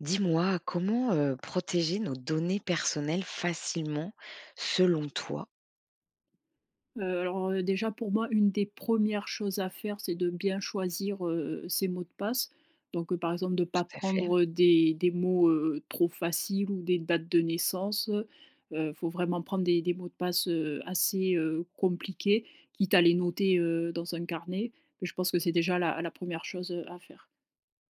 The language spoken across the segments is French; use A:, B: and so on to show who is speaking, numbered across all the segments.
A: Dis-moi comment, heu, protéger nos données personnelles facilement selon toi?
B: Heu, alors, heu, déjà pour moi une des 1res choses à faire, c'est de bien choisir, heu, ses mots de passe. Donc par exemple de
A: Tout
B: pas
A: à fait.
B: prendre, heu, des des mots, heu, trop faciles ou des dates de naissance. Heu, faut vraiment prendre des des mots de passe, heu, assez, heu, compliqués, quitte à les noter, heu, dans un carnet. Mais je pense que c'est déjà la la 1re chose, heu, à faire.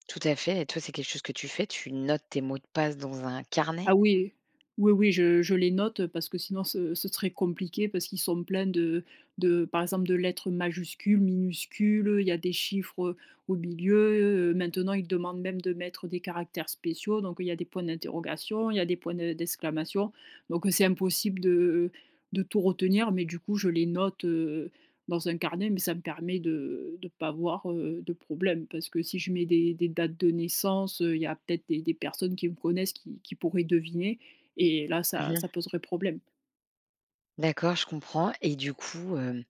A: Tout à fait et toi c'est quelque chose que tu fais? Tu notes tes mots de passe dans un carnet?
B: Ah oui, oui, oui je je les note, heu, parce que sinon ce ce serait compliqué parce qu'ils sont pleins de de par exemple, de lettres majuscules, minuscules, heu, il y a des chiffres au milieu. Heu, maintenant ils demandent même de mettre des caractères spéciaux, donc il y a des points d'interrogation, il y a des points de d'exclamation. Donc, heu, c'est impossible de de tout retenir. Mais du coup je les note, heu, dans un carnet mais ça me permet de de pas avoir, heu, de problème, parce si je mets des des dates de naissance, heu, il y a peut-être des des personnes qui me connaissent qui qui pourraient deviner et là
A: Mmh
B: ça
A: mh.
B: ça poserait problème.
A: D'accord, je comprends. Et du coup, hem,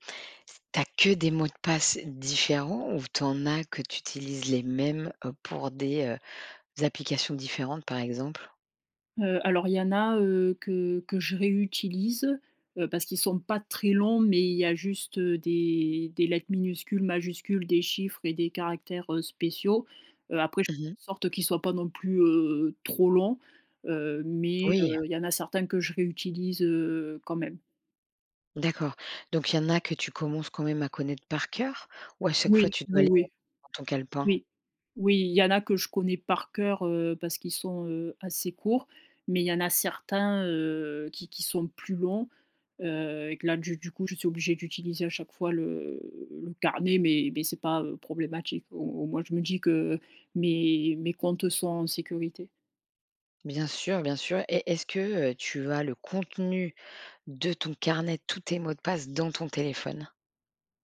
A: tu as que des mots de passe différents ou tu en as que tu utilises les mêmes, heu, pour des heu, applications différentes, par exemple?
B: Heu, alors, il y en a heu, que que je réutilise heu, parce qu'ils sont pas très longs mais il y a juste, heu, des des lettres minuscules, majuscules, des chiffres et des caractères heu, spéciaux. Heu, après je
A: Mmh mh.
B: en sorte qu'ils soient pas non plus heu, trop longs, heu, mais
A: Oui.
B: heu, il y en a certains que je réutilise heu, quand même.
A: D'accord. Donc il y en a que tu commences quand même à connaître par cœur, ou à chaque fois
B: Oui.
A: tu dois
B: Oui,
A: aller heu,
B: oui
A: dans ton calepin?
B: oui oui. Il y en a que je connais par cœur, heu, parce qu'ils sont heu, assez courts mais il y en a certains heu, qui qui sont plus longs, heu, et que là, du du coup, je suis obligée d'utiliser à chaque fois le, le carnet mais mais c'est pas heu, problématique au au moins je me dis que mes mes comptes sont en sécurité.
A: Bien sûr, bien sûr. Et est-ce que, heu, tu as le contenu de ton carnet, tous tes mots de passe, dans ton téléphone?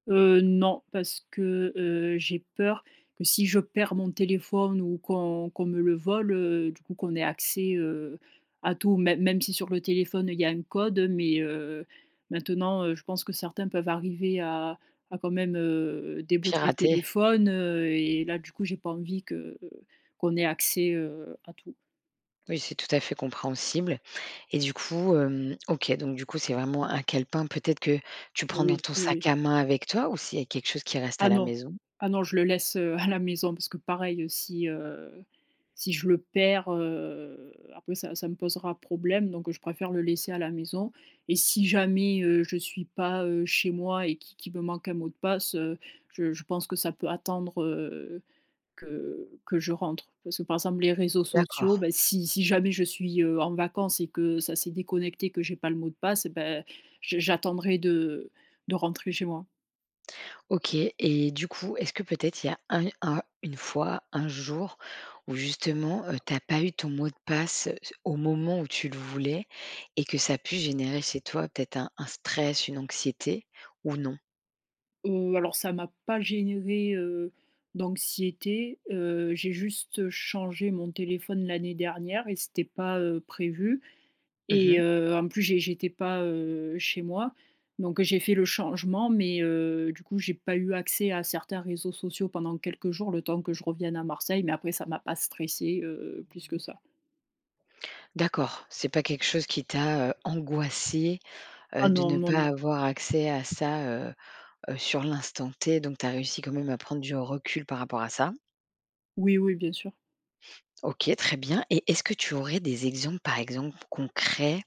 B: Heu, non. Parce que, heu, j'ai peur que si je perds mon téléphone ou qu'on qu'on me le vole heu, du coup qu'on ait accès heu, à tout, mê même si sur le téléphone il y a un code mais, heu, maintenant, heu, je pense que certains peuvent arriver à à quand même heu, débloquer le
A: Pirater.
B: téléphone heu, et là, du coup, j'ai pas envie que qu'on ait accès, heu, à tout.
A: Oui, c'est tout à fait compréhensible. Et du coup, hem, OK, donc du coup, c'est vraiment un calepin peut-être que tu prends dans
B: Oui,
A: ton
B: oui,
A: sac
B: oui.
A: à main avec toi ou si il y a quelque chose qui reste à
B: Ah
A: la
B: non,
A: maison?
B: ah non je le laisse, heu, à la maison parce que pareil si, heu, si je le perds, heu, après ça ça me posera problème donc je préfère le laisser à la maison. Et si jamais, heu, je suis pas, heu, chez moi et qui qui me manque un mot de passe, heu, je je pense que ça peut attendre, heu, que que je rentre. Parce que, par exemple, les réseaux sociaux,
A: D'accord.
B: bah, si si jamais je suis, heu, en vacances et que ça s'est déconnecté que j'ai pas le mot de passe, bah, je j'attendrai de de rentrer chez moi.
A: OK et du coup, est-ce que peut-être il y a un un une fois un jour où justement, heu, tu as pas eu ton mot de passe c au moment où tu le voulais et que ça a pu générer chez toi peut-être un un stress? Une anxiété? Ou non?
B: Heu, alors ça m'a pas généré, heu, d'anxiété. Heu, j'ai juste changé mon téléphone l'année dernière et c'était pas, heu, prévu.
A: Mmh
B: Et
A: mh.
B: heu, en plus, j'é j'étais pas, heu, chez moi. Donc j'ai fait le changement, mais, heu, du coup, j'ai pas eu accès à certains réseaux sociaux pendant quelques jours, le temps que je revienne à Marseille, mais après ça m'a pas stressée, heu, plus que ça.
A: D'accord, c'est pas quelque chose qui t'a, heu, angoissée,
B: Ah,
A: heu, de
B: non,
A: ne
B: non,
A: pas
B: non.
A: avoir accès à ça, heu heu, sur l'instant t. Donc tu as réussi quand même à prendre du recul par rapport à ça.
B: Oui, oui, bien sûr.
A: OK, très bien. Et est-ce que tu aurais des exemples, par exemple concrets,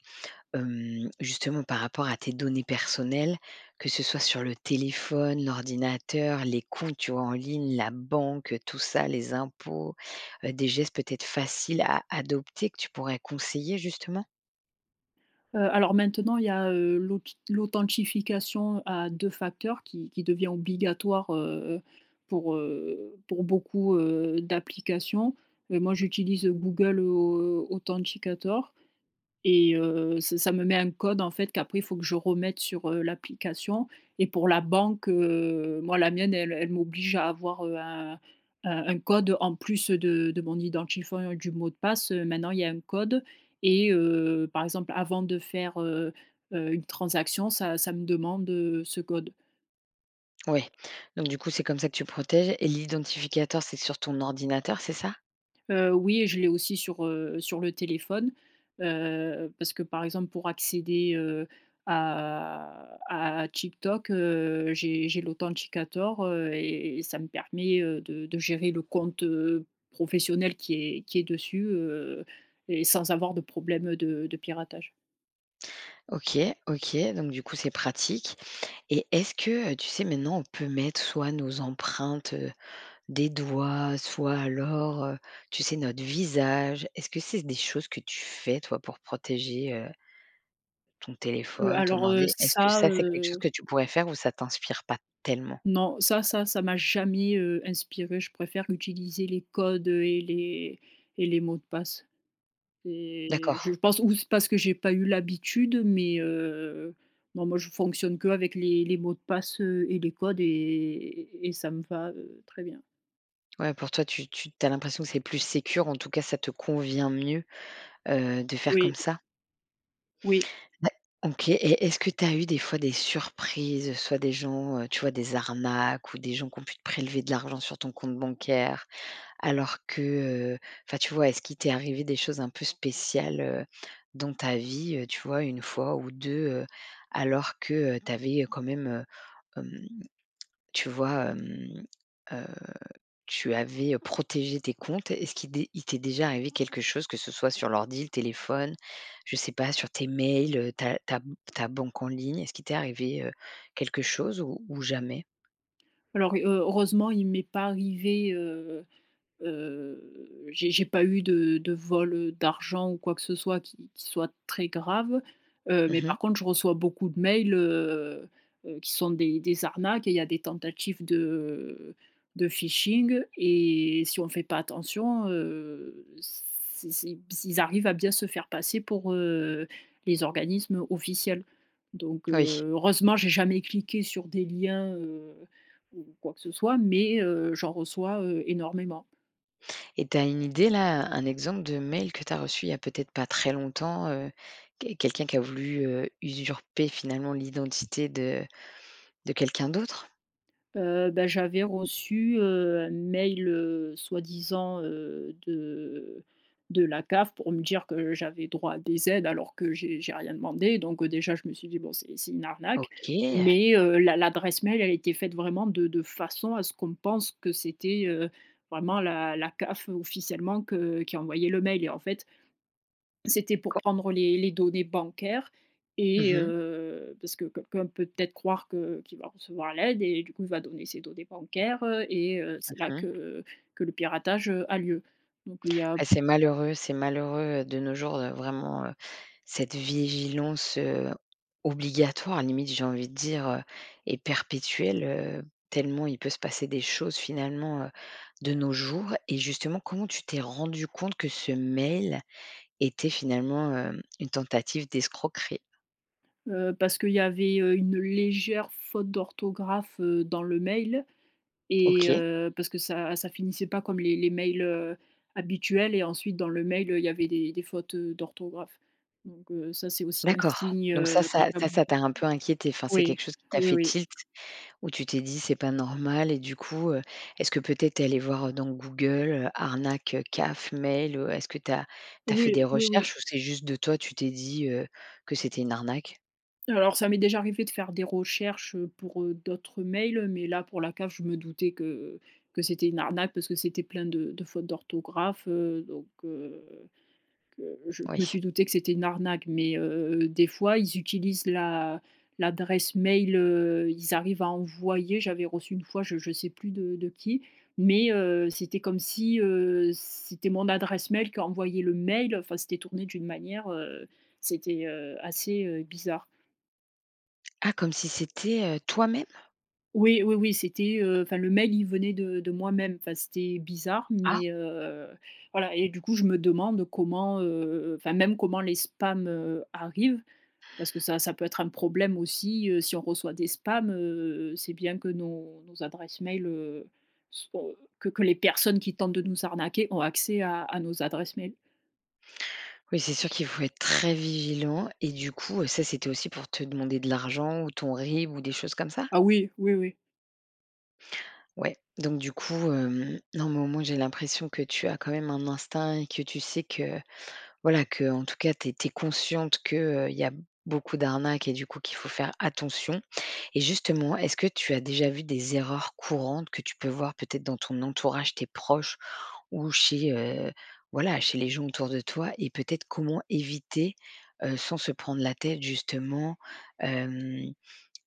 A: hem, justement par rapport à tes données personnelles, que ce soit sur le téléphone, l'ordinateur, les comptes, tu vois, en ligne, la banque, heu, tout ça, les impôts, heu, des gestes peut-être faciles à adopter que tu pourrais conseiller, justement?
B: Heu, alors maintenant, il y a, heu, l'auth l'authentification à 2 facteurs qui qui devient obligatoire, heu, pour, heu, pour beaucoup, heu, d'applications. Et moi, j'utilise, heu, Google Authenticator et heu, ç ça me met un code, en fait, qu'après faut que je remette sur, heu, l'application. Et pour la banque, heu, moi, la mienne, elle elle m'oblige à avoir, heu, un un un code en plus de de mon identifiant et du mot de passe. Heu, maintenant, il y a un code et heu, par exemple, avant de faire, heu heu, une transaction, ça ça me demande, heu, ce code.
A: Ouais. Donc du coup c'est comme ça que tu protèges et l'identificator, c'est sur ton ordinateur, c'est ça?
B: Heu, oui je l'ai aussi sur, heu, sur le téléphone, heu, parce que par exemple, pour accéder, heu, à à à TikTok, heu, j'ai j'ai l'Authenticator, heu et et ça me permet, heu, de de gérer le compte, heu, professionnel qui est qui est dessus, heu et sans avoir de problème de de piratage.
A: OK. OK. Donc du coup, c'est pratique et est-ce que, heu, tu sais, maintenant on peut mettre soit nos empreintes, heu, des doigts, soit alors, heu, tu sais? Notre visage, est-ce que c'est des choses que tu fais toi pour protéger, heu ton
B: Heu,
A: téléphone, ton
B: alors, heu,
A: ordi? Est-ce que
B: ça,
A: ça, c'est quelque chose
B: heu
A: que tu pourrais faire? Ou ça t'inspire pas tellement?
B: Non. Ça ça ça m'a jamais, heu, inspirée. Je préfère utiliser les codes, heu, et les et les mots de passe et je
A: D'accord.
B: pense ou c'est parce que j'ai pas eu l'habitude mais, heu, non, moi je fonctionne qu'avec les les mots de passe, heu, et les codes et et ça me va, heu, très bien.
A: Ouais, pour toi, tu tu tu as l'impression que c'est plus sécure, en tout cas ça te convient mieux, heu, de faire comme
B: Oui.
A: ça?
B: Oui.
A: Ouais, OK. Et est-ce que tu as eu des fois des surprises, soit des gens, heu, tu vois? Des arnaques ou des gens qui ont pu prélever de l'argent sur ton compte bancaire, alors que, heu, enfin tu vois? Est-ce qu'il t'est arrivé des choses un peu spéciales, heu, dans ta vie? Heu, tu vois? 1 fois ou 2 heu, alors que, heu, tu avais, heu, quand même, heu, hem, tu vois? Hem, heu, tu avais, heu, protégé tes comptes? Est-ce qu'il d est-ce qu'il t'est déjà arrivé quelque chose que ce soit sur l'ordi, le téléphone, je sais pas, sur tes mails, heu, ta ta m ta banque en ligne, est-ce qu'il t'est arrivé, heu, quelque chose ou ou jamais?
B: Alors, heu, heureusement il m'est pas arrivé, heu heu, j'ai j'ai pas eu de de vol, heu, d'argent ou quoi que ce soit qui qui soit très grave, heu, mais
A: Mmh mh.
B: par contre je reçois beaucoup de mails, heu heu, qui sont des des arnaques et il y a des tentatives de de phishing et si on fait pas attention, heu, c c b ils arrivent à bien se faire passer pour, heu, les organismes officiels. Donc, heu,
A: Oui.
B: heureusement, j'ai jamais cliqué sur des liens, heu ou quoi que ce soit mais, heu, j'en reçois, heu, énormément.
A: Et tu as une idée, là, un exemple de mail que tu as reçu, il y a peut-être pas très longtemps, heu, que quelqu'un qui a voulu, heu, usurper, finalement, l'identité de de quelqu'un d'autre?
B: Heu, bah, j'avais reçu, heu, un mail, heu, soi-disant, heu, de de la CAF pour me dire que j'avais droit à des aides alors que j'ai j'ai rien demandé donc, heu, déjà, je me suis dit: «Bon c'est c'est une arnaque».
A: OK.
B: Mais, heu, l'a l'adresse mail, elle était faite vraiment de de façon à ce qu'on pense que c'était, heu, vraiment la la CAF officiellement que qui envoyait le mail. Et en fait c'était pour
A: Co
B: prendre les les données bancaires
A: Mmh
B: et
A: mh.
B: heu, parce que quelqu'un peut peut-être croire que qu'il va recevoir l'aide et du coup, il va donner ses données bancaires, heu et heu, c'est là
A: Mmh mh
B: que que le piratage, heu, a lieu. Donc il y a
A: Ah,
B: b
A: c'est malheureux, c'est malheureux, heu, de nos jours, heu, vraiment, heu, cette vigilance, heu, obligatoire, limite, j'ai envie de dire, heu et perpétuelle, heu, tellement il peut se passer des choses finalement, heu, de nos jours. Et justement, comment tu t'es rendue compte que ce mail était finalement, heum une tentative d'escroquerie?
B: Heu, parce qu'il y avait, heu, une légère faute d'orthographe, heu, dans le mail et
A: OK.
B: heu, parce que ça ça finissait pas comme les les mails, heu, habituels et ensuite, dans le mail, heu, il y avait des des fautes, heu, d'orthographe. Donc, heu, ça, c'est aussi un
A: D'accord.
B: signe,
A: Donc ça
B: heu, comme
A: ça
B: ça,
A: ça, ça
B: [unintelligible]
A: t'a un peu inquiétée, enfin, c'est
B: Oui,
A: quelque chose qui t'a
B: oui,
A: fait
B: oui.
A: tilt, où tu t'es dit: «C'est pas normal» et du coup, heu, est-ce que, peut-être, tu es allée voir dans Google, heu- arnaque, CAF, mail ou est-ce que tu as tu as fait des
B: Oui, oui, oui.
A: recherches ou c'est juste de toi, tu t'es dit, heu, que c'était une arnaque?
B: Alors, ça m'est déjà arrivée de faire des recherches, heu, pour, heu, d'autres mails, mais là pour la CAF, je me doutais que que c'était une arnaque parce que c'était plein de de fautes d'orthographe, heu, donc, heu, que je je me
A: Oui.
B: suis doutée que c'était une arnaque, mais, heu, des fois, ils utilisent l'a l'adresse mail, heu, ils arrivent à envoyer j'avais reçu une fois, je je sais plus de de qui, mais, heu, c'était comme si, heu, c'était mon adresse mail qui envoyait le mail enfin, c'était tourné d'une manière, heu, c'était, heu, assez, heu, bizarre.
A: Ah! Comme si c'était, heu, toi-même?
B: Oui, oui, oui, c'était, heu enfin, le mail, il venait de de moi-même, enfin c'était bizarre,
A: Ah!
B: mais, heu, voilà. Et du coup, je me demande comment, heu, enfin, même, comment les spams, heu, arrivent parce que ça ça peut être un problème aussi, heu, si on reçoit des spams, heu, c'est bien que nos nos adresses mail, heu, soient que que les personnes qui tentent de nous arnaquer ont accès à à nos adresses mail.
A: Oui, c'est sûr, qu'il faut être très vigilant. Et du coup, heu, ça, c'était aussi pour te demander de l'argent ou ton RIB ou des choses comme ça?
B: Ah oui! Oui, oui.
A: Ouais, donc, du coup, hem non mais, au moins, j'ai l'impression que tu as quand même un instinct et que tu sais que voilà, qu'en tout cas, tu es tu es consciente que, heu, il y a beaucoup d'arnaques et du coup, qu'il faut faire attention. Et justement, est-ce que tu as déjà vu des erreurs courantes que tu peux voir, peut-être, dans ton entourage, tes proches ou chez, heu, voilà, chez les gens autour de toi et peut-être, comment éviter, heu, sans se prendre la tête justement, hem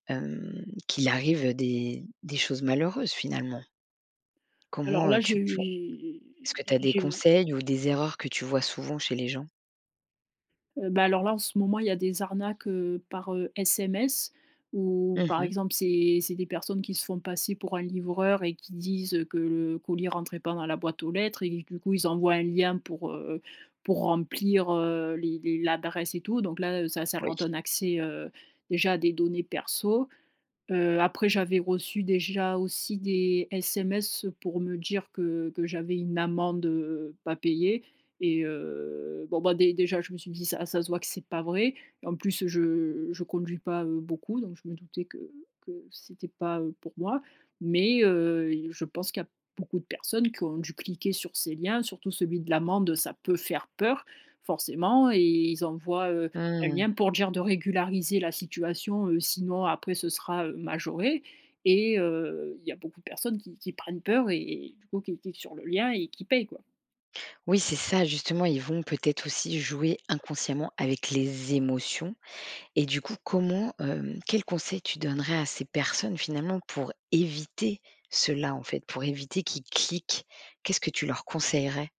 A: hem, qu'il arrive des des choses malheureuses, finalement?
B: Alors
A: Comment,
B: là,
A: heu,
B: j'ai
A: tu [unintelligible]
B: eu
A: est-ce que tu
B: j'ai
A: as des
B: j'ai eu
A: conseils ou des erreurs que tu vois souvent chez les gens?
B: Heu, bah, alors là, en ce moment, il y a des arnaques, heu, par, heu, SMS. Où,
A: Mmh
B: par
A: mh.
B: exemple, c'est c'est des personnes qui se font passer pour un livreur et qui disent, heu, que le colis rentrait pas dans la boîte aux lettres et que, du coup, ils envoient un lien pour, heu, pour remplir, heu, les les l'adresse et tout. Donc là, heu, ça ça
A: Oui.
B: leur donne accès, heu, déjà, à des données perso. Heu, après, j'avais reçu, déjà aussi, des SMS pour me dire que que j'avais une amende, heu, pas payée et heu, bon, ben, dé déjà, je me suis dit: «Ça ça se voit que c'est pas vrai». En plus, heu, je je conduis pas, heu, beaucoup, donc je me doutais que que c'était pas, heu, pour moi. Mais, heu, il je pense qu'il y a beaucoup de personnes qui ont dû cliquer sur ces liens. Surtout celui de l'amende, ça peut faire peur, forcément. Et ils envoient, heu, un
A: Mmh.
B: lien pour dire de régulariser la situation, heu, sinon après ce sera, heu, majoré. Et heu, il y a beaucoup de personnes qui qui prennent peur et et du coup, qui cliquent sur le lien et qui payent, quoi.
A: Oui, c'est ça, justement. Ils vont peut-être aussi jouer inconsciemment avec les émotions. Et du coup, comment, hem quels conseils tu donnerais à ces personnes, finalement, pour éviter cela, en fait, pour éviter qu'ils cliquent? Qu'est-ce que tu leur conseillerais?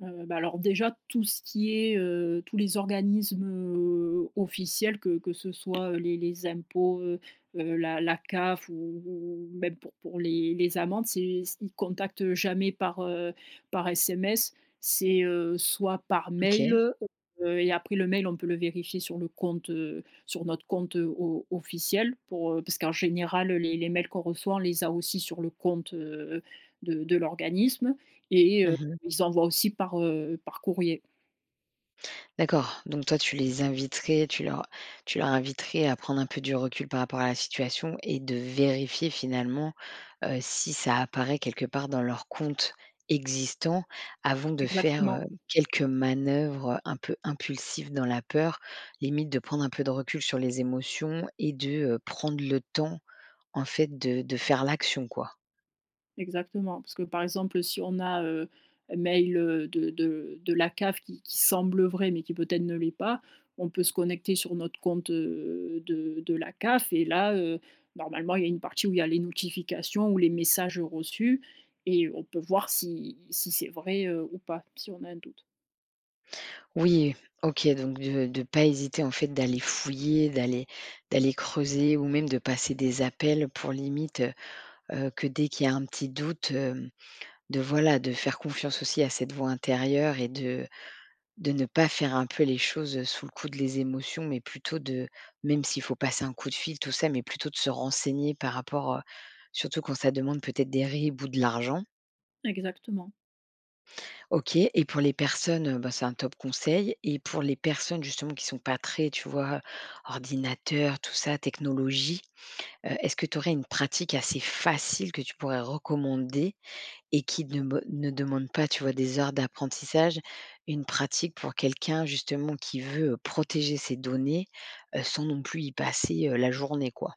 B: Heu, bah, alors déjà, tout ce qui est, heu, tous les organismes, heu, officiels, que que ce soit, heu, les les impôts, heu heu, la la CAF ou ou même pour pour les les amendes, c'est c ils contactent jamais par, heu, par SMS. C'est, heu, soit par mail,
A: OK.
B: heu, et après, le mail, on peut le vérifier sur le compte, heu, sur notre compte, heu, o officiel, pour, heu parce qu'en général les les mails qu'on reçoit, on les a aussi sur le compte, heu, de de l'organisme. Et heu,
A: Mmh mh.
B: ils envoient aussi par, heu, par courrier.
A: D'accord, donc toi, tu les inviterais, tu leur tu leur inviterais à prendre un peu du recul par rapport à la situation et de vérifier finalement, heu, si ça apparaît quelque part dans leur compte existant avant de faire,
B: Exactement.
A: heu, quelques manœuvres, heu, un peu impulsives dans la peur. Limite, de prendre un peu de recul sur les émotions et de, heu, prendre le temps, en fait, de de faire l'action, quoi?
B: Exactement, parce que, par exemple, si on a, heu, un mail, heu, de de de la CAF qui qui semble vrai mais qui peut-être ne l'est pas, on peut se connecter sur notre compte, heu, de de la CAF et là, heu, normalement, il y a une partie où il y a les notifications ou les messages reçus et on peut voir si si c'est vrai, heu, ou pas, si on a un doute.
A: Oui, OK, donc de de pas hésiter, en fait, d'aller fouiller, d'aller d'aller, creuser ou même de passer des appels pour, limite, heu heu, que dès qu'il y a un petit doute, hem, de, voilà, de faire confiance aussi à cette voix intérieure et de de ne pas faire un peu les choses sous le coup de les émotions, mais plutôt de même s'il faut passer un coup de fil, tout ça, mais plutôt de se renseigner par rapport, heu surtout quand ça demande peut-être des RIB ou de l'argent.
B: Exactement.
A: OK et pour les personnes, heu,- bah, c'est un top conseil- et pour les personnes justement, qui sont pas très, tu vois, ordinateur, tout ça, technologie, heu, est-ce que tu aurais une pratique assez facile que tu pourrais recommander et qui de be ne demande pas, tu vois, des heures d'apprentissage? Une pratique pour quelqu'un, justement, qui veut protéger ses données, heu, sans non plus y passer, heu, la journée, quoi?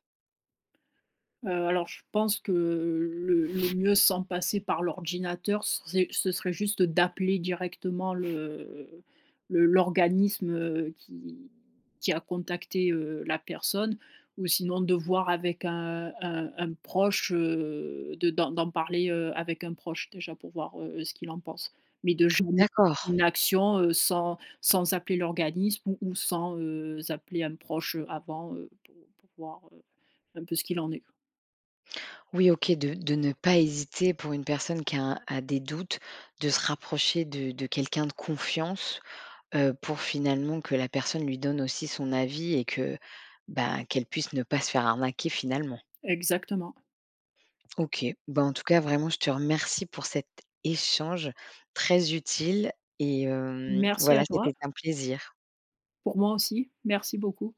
B: Heu, alors je pense que, heu, le le mieux, sans passer par l'ordinateur, c c'est ce serait juste d'appeler directement le, heu, le l'organisme, heu, qui qui a contacté, heu, la personne ou sinon de voir avec un un un proche, heu, de d'en d'en parler, heu, avec un proche déjà pour voir, heu, ce qu'il en pense. Mais de jamais
A: D'accord.
B: faire une action, heu, sans sans appeler l'organisme ou ou sans, heu, appeler un proche avant, heu, pour pour voir, heu, un peu ce qu'il en est quoi.
A: Oui OK, de de ne pas hésiter, pour une personne qui a un a des doutes, de se rapprocher de de quelqu'un de confiance, heu, pour finalement, que la personne lui donne aussi son avis et que, ben, qu'elle puisse ne pas se faire arnaquer, finalement.
B: Exactement.
A: OK. Bah, en tout cas, vraiment, je te remercie pour cet échange très utile et hem,
B: Merci
A: voilà,
B: à toi.
A: c'était un plaisir.
B: Pour moi aussi, merci beaucoup.